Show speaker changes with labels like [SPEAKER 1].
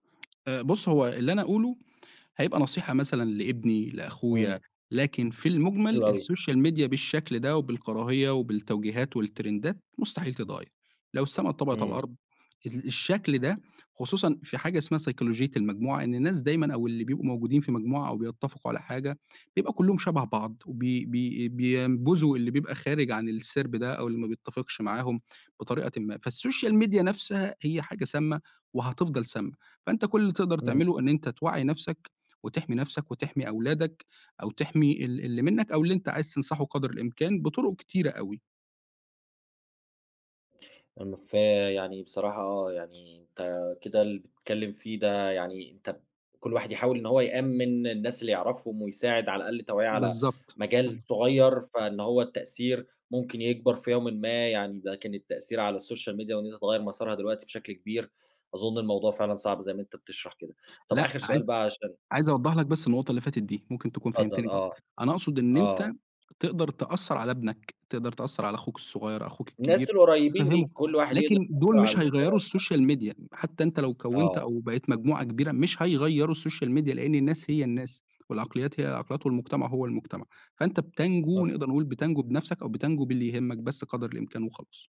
[SPEAKER 1] آآ بُص هو اللي أنا أقوله، هيبقى نصيحة مثلًا لابني
[SPEAKER 2] امم.
[SPEAKER 1] لأخويا، لكن في المُجمل
[SPEAKER 2] حلو أوي.
[SPEAKER 1] الSocial Media بالشكل ده، وبالكراهية وبالتوجيهات والترندات مستحيل تتغير، لو السما اتطبقت على
[SPEAKER 2] إمم.
[SPEAKER 1] الأرض، ال الشكل ده خصوصًا في حاجة اسمها سيكولوجية المجموعة، إن الناس دايمًا أو اللي بيبقوا موجودين في مجموعة أو بيتفقوا على حاجة، بيبقى كُلّهم شبه بعض، وبي بي بينبذوا اللي بيبقى خارج عن السِرب ده أو اللي ما بيتفقش معاهم بطريقةٍ ما، فالSocial Media نفسها هي حاجة سامّة وهتفضل سامّة، فأنت كُلّ اللي تقدر
[SPEAKER 2] إمم.
[SPEAKER 1] تعملُه إن أنت توّعي نفْسك وتحمي نفْسك وتحمي أولادك، أو تحمي ال اللي مِنّك، أو اللي أنت عايز تنصحُه قدر الإمكان بطُرق كتيرة أوي.
[SPEAKER 2] ام ف يعني بصراحة يعني أنت كده اللي بتتكلّم فيه ده، يعني أنت كُلّ واحد يحاول إن هو يأمّن الناس اللي يعرفهم، ويساعد على الأقل توعية على
[SPEAKER 1] بالضبط،
[SPEAKER 2] مجال
[SPEAKER 1] اهم.
[SPEAKER 2] صُغيّر، فإن هو التأثير ممكن يكبر في يومٍ ما، يعني لكن التأثير على الSocial Media وإن أنت تغيّر مسارها دلوقتي بشكل كبير، أظُن الموضوع فعلًا صعب زي ما أنت بتشرح كده، طَب
[SPEAKER 1] لأ،
[SPEAKER 2] آخر
[SPEAKER 1] عايز
[SPEAKER 2] سؤال بقى عشان
[SPEAKER 1] عايز أوضح لك بس النقطة اللي فاتت دي، ممكن تكون
[SPEAKER 2] اتفضل
[SPEAKER 1] فهمتني غلط،
[SPEAKER 2] آه،
[SPEAKER 1] أنا أقصد إن
[SPEAKER 2] آه.
[SPEAKER 1] أنت تقدر تأثر على ابنك، تقدر تأثر على أخوك الصُغيّر، أخوك
[SPEAKER 2] الناس
[SPEAKER 1] الكبير
[SPEAKER 2] القُريبين
[SPEAKER 1] تفهمُه،
[SPEAKER 2] ليك، كُلّ واحد يقدر
[SPEAKER 1] لكن دُول
[SPEAKER 2] يأثر على
[SPEAKER 1] مش هيغيّروا
[SPEAKER 2] الدايرة بتاعتُه.
[SPEAKER 1] الSocial Media حتّى أنت لو كوّنت
[SPEAKER 2] آه.
[SPEAKER 1] أو بقيت مجموعة كبيرة، مش هيغيّروا الSocial Media لإن الناس هي الناس، والعقليات هي العقليات، والمجتمع هو المجتمع، فأنت بتنجو
[SPEAKER 2] مفهوم.
[SPEAKER 1] نقدر نقول بتنجو بنفْسك أو بتنجو باللي يهمك بس قدر الإمكان وخلاص.